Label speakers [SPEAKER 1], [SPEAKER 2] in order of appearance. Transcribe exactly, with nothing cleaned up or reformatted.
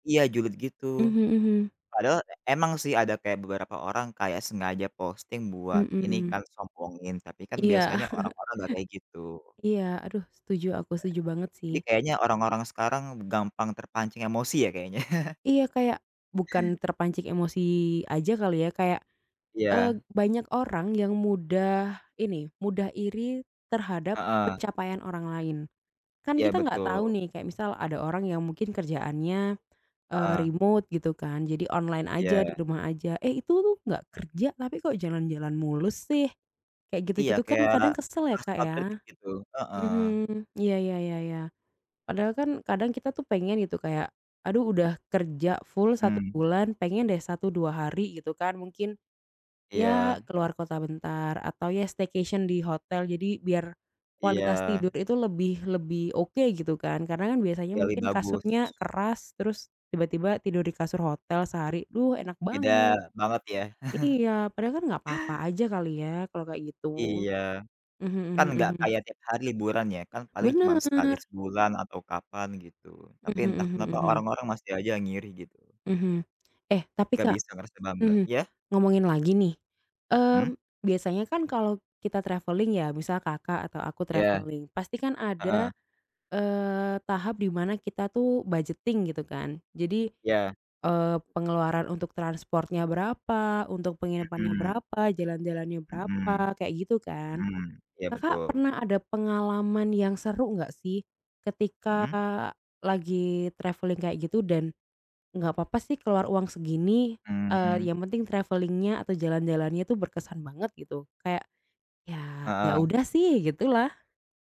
[SPEAKER 1] Iya julid gitu.
[SPEAKER 2] Mhm mhm.
[SPEAKER 1] Padahal emang sih ada kayak beberapa orang kayak sengaja posting buat ini
[SPEAKER 2] Mhm.
[SPEAKER 1] kan sombongin, tapi kan
[SPEAKER 2] Iya.
[SPEAKER 1] biasanya orang-orang nggak kayak gitu.
[SPEAKER 2] Iya, aduh setuju, aku
[SPEAKER 1] Iya,
[SPEAKER 2] setuju banget sih.
[SPEAKER 1] jadi kayaknya orang-orang sekarang gampang terpancing emosi ya kayaknya.
[SPEAKER 2] Iya, kayak bukan terpancing emosi aja kali ya. Kayak, eee,
[SPEAKER 1] Iya.
[SPEAKER 2] banyak orang yang mudah ini, mudah iri terhadap
[SPEAKER 1] Heeh.
[SPEAKER 2] pencapaian orang lain. Kan
[SPEAKER 1] Iya,
[SPEAKER 2] kita nggak tahu
[SPEAKER 1] betul.
[SPEAKER 2] nih, kayak misal ada orang yang mungkin kerjaannya, eee,
[SPEAKER 1] Heeh.
[SPEAKER 2] remote gitu kan. Jadi online aja, di
[SPEAKER 1] Iya.
[SPEAKER 2] rumah aja. “Eh itu tuh nggak kerja, tapi kok jalan-jalan mulu sih?” Kayak
[SPEAKER 1] Iya,
[SPEAKER 2] gitu-gitu kan
[SPEAKER 1] kayak
[SPEAKER 2] kadang kesel ya, Kak,
[SPEAKER 1] asal
[SPEAKER 2] ya.
[SPEAKER 1] kritik gitu. Heeh.
[SPEAKER 2] Mhm, iya, ya ya ya. Padahal kan kadang kita tuh pengen gitu. Kayak, “Aduh, udah kerja full satu
[SPEAKER 1] Mmm.
[SPEAKER 2] bulan, pengen deh satu, dua hari gitu kan mungkin ya
[SPEAKER 1] Iya.
[SPEAKER 2] keluar kota bentar.” Atau ya staycation di hotel. Jadi biar kualitas tidur
[SPEAKER 1] Iya.
[SPEAKER 2] itu lebih lebih oke gitu kan. Karena kan biasanya
[SPEAKER 1] Iya lebih
[SPEAKER 2] mungkin
[SPEAKER 1] bagus.
[SPEAKER 2] kasurnya keras, terus tiba-tiba tidur di kasur hotel sehari. Duh, enak banget.
[SPEAKER 1] Beda banget ya?
[SPEAKER 2] Iya. Padahal kan nggak papa aja kali ya kalau kayak gitu.
[SPEAKER 1] Iya.
[SPEAKER 2] Mhm
[SPEAKER 1] Kan
[SPEAKER 2] mhm
[SPEAKER 1] nggak
[SPEAKER 2] mhm.
[SPEAKER 1] kayak tiap hari liburan ya, kan paling cuman sekali
[SPEAKER 2] Bener.
[SPEAKER 1] sebulan atau kapan gitu. Tapi
[SPEAKER 2] Mhm
[SPEAKER 1] entah
[SPEAKER 2] mhm
[SPEAKER 1] kenapa
[SPEAKER 2] mhm.
[SPEAKER 1] orang-orang masih aja ngiri gitu.
[SPEAKER 2] Mhm. Eh tapi,
[SPEAKER 1] Nggak
[SPEAKER 2] Kak
[SPEAKER 1] bisa ngerasa bangga,
[SPEAKER 2] mhm,
[SPEAKER 1] ya?
[SPEAKER 2] ngomongin lagi nih.
[SPEAKER 1] Hmm.
[SPEAKER 2] Mmm, biasanya kan kalau kita travelling ya. Misal Kakak atau aku
[SPEAKER 1] Ya,
[SPEAKER 2] travelling, pastikan ada,
[SPEAKER 1] heeh.
[SPEAKER 2] eee, tahap di mana kita tuh budgeting gitu kan. Jadi,
[SPEAKER 1] Ya.
[SPEAKER 2] eee, pengeluaran untuk transportnya berapa, untuk penginapannya
[SPEAKER 1] Mhm.
[SPEAKER 2] berapa, jalan-jalannya
[SPEAKER 1] Mhm.
[SPEAKER 2] berapa, kayak gitu kan.
[SPEAKER 1] Mhm, ya
[SPEAKER 2] Kakak
[SPEAKER 1] betul.
[SPEAKER 2] pernah ada pengalaman yang seru nggak sih ketika
[SPEAKER 1] Mhm.
[SPEAKER 2] lagi travelling kayak gitu dan nggak papa sih keluar uang segini, eee,
[SPEAKER 1] Mmm.
[SPEAKER 2] yang penting travelling-nya atau jalan-jalannya itu berkesan banget, gitu? Kayak, ya ya
[SPEAKER 1] Heeh.
[SPEAKER 2] udah sih, gitulah.